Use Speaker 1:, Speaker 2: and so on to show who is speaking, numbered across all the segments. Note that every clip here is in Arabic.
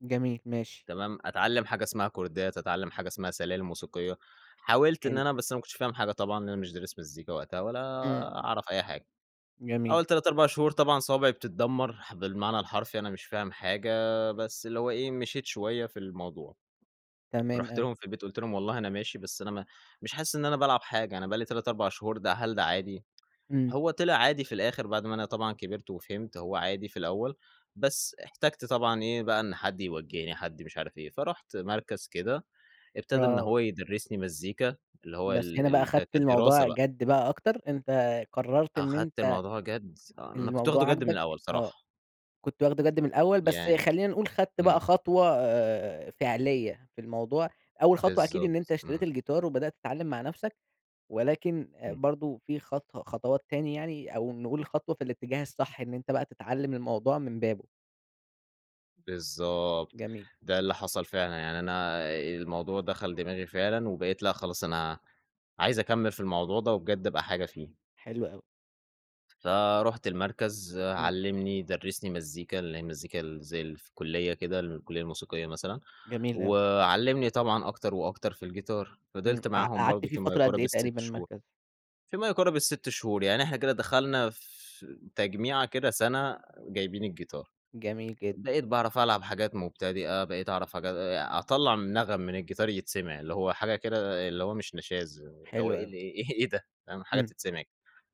Speaker 1: جميل، ماشي.
Speaker 2: تمام أتعلّم حاجة اسمها كوردات أتعلّم حاجة اسمها سلالم موسيقية، حاولت إن
Speaker 1: حلو.
Speaker 2: أنا بس أنا ما كنتش فاهم حاجة طبعًا، لأن أنا مش دارس مزيكا وقتها، ولا
Speaker 1: امم.
Speaker 2: أعرف أي حاجة،
Speaker 1: جميل.
Speaker 2: أوّل 3 4 شهور طبعًا صوابعي بتتدّمر، ح بالمعنى الحرفي، أنا مش فاهم حاجة، بس اللي هو إيه، مشيت شوية في الموضوع،
Speaker 1: تمام
Speaker 2: رُحت
Speaker 1: أوي.
Speaker 2: لهم في البيت قُلت لهم والله أنا ماشي، بس أنا م مش حاسس إن أنا بالعب حاجة، أنا بقى لي 3 4 شهور ده هل ده عادي؟
Speaker 1: امم.
Speaker 2: هو طِلع عادي في الآخِر بعد ما أنا طبعًا كبرت وفهمت، هو عادي في الأوّل، بس احتاجت طبعًا إيه بقى، إن حد يوجّهني، حد مش عارِف إيه، فرُحت مركز كده ابتدى إن
Speaker 1: آه.
Speaker 2: هو يدرّسني مزيكا، اللي هو
Speaker 1: بس
Speaker 2: ال
Speaker 1: هنا بقى
Speaker 2: ال ك
Speaker 1: أخدت
Speaker 2: كدراسة
Speaker 1: الموضوع
Speaker 2: بقى.
Speaker 1: جَدّ بقى أكتر، أنت قررت إن
Speaker 2: أخدت
Speaker 1: أنت
Speaker 2: الموضوع جَدّ، آه أنا كنت
Speaker 1: الموضوع
Speaker 2: واخدُه جَدّ من
Speaker 1: عاجبك،
Speaker 2: الأول
Speaker 1: آه
Speaker 2: صراحة.
Speaker 1: كنت واخدُه جَدّ من الأول بس
Speaker 2: يعني
Speaker 1: خلّينا نقول خدت
Speaker 2: امم.
Speaker 1: بقى خطوة آآ، فعلية في الموضوع، أول خطوة أكيد إن أنت
Speaker 2: بالضبط،
Speaker 1: اشتريت
Speaker 2: امم.
Speaker 1: الجيتار وبدأت تتعلّم مع نفسك، ولكن آآ،
Speaker 2: امم.
Speaker 1: برضه في خط خطوات تاني يعني، أو نقول خطوة في الاتجاه الصح، إن أنت بقى تتعلّم الموضوع من بابُه.
Speaker 2: بالضبط،
Speaker 1: جميل.
Speaker 2: ده اللي حصل فعلًا، يعني أنا آآ، الموضوع دخل دماغي فعلًا، وبقيت لأ خلاص أنا عايز أكمّل في الموضوع ده، وبجد أبقى حاجة فيه.
Speaker 1: حلو أوي.
Speaker 2: فرُحت المركز،
Speaker 1: امم.
Speaker 2: علّمني درّسني مزيكا، اللي هي مزيكا ال زي في الكلية كده، الكلية الموسيقية مثلًا،
Speaker 1: جميل أوي.
Speaker 2: وعلّمني طبعًا أكتر وأكتر في الجيتار،
Speaker 1: امم،
Speaker 2: فضلت
Speaker 1: قع
Speaker 2: معاهم
Speaker 1: قعدت
Speaker 2: برضه
Speaker 1: فيه
Speaker 2: في ما
Speaker 1: فترة قد
Speaker 2: يقارب
Speaker 1: إيه
Speaker 2: ال6
Speaker 1: تقريبًا
Speaker 2: شهور،
Speaker 1: المركز؟
Speaker 2: في ما يقارب ال6 شهور يعني إحنا كده دخلنا في تجميعة كده سنة جايبيِن الجيتار،
Speaker 1: جميل جدًا.
Speaker 2: بقيت باعرف ألعب حاجات مُبتدئة، بقيت أعرِف حاج أطلّع من نغم من الجيتار يتسمع، اللي هو حاجة كده اللي هو مش نشاز، اللي هو
Speaker 1: حلو أوي.
Speaker 2: اللي إيه إيه إيه ده، فاهم حاجة
Speaker 1: امم،
Speaker 2: تتسمع.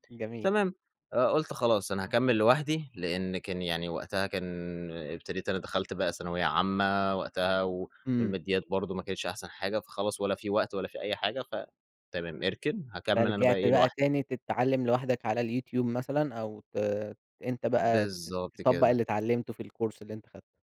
Speaker 1: جميل.
Speaker 2: تمام، آآ، قُلت خلاص أنا هاكمّل لوحدي، لأن كان يعني وقتها كان ابتديت أنا دخلت بقى ثانوية عامة وقتها، و
Speaker 1: امم.
Speaker 2: والماديات برضه ما كانتش أحسن حاجة، فخلاص ولا في وقت ولا في أي حاجة، ف تمام، اركن، هاكمّل أنا بقى
Speaker 1: فرجعت
Speaker 2: إيه
Speaker 1: بقى
Speaker 2: لوحدي.
Speaker 1: تاني تتعلّم لوحدك على اليوتيوب مثلًا، أو ت أنت بقى ت
Speaker 2: بالضبط
Speaker 1: تطبّق
Speaker 2: كده.
Speaker 1: اللي اتعلّمته في الكورس اللي أنت خدته.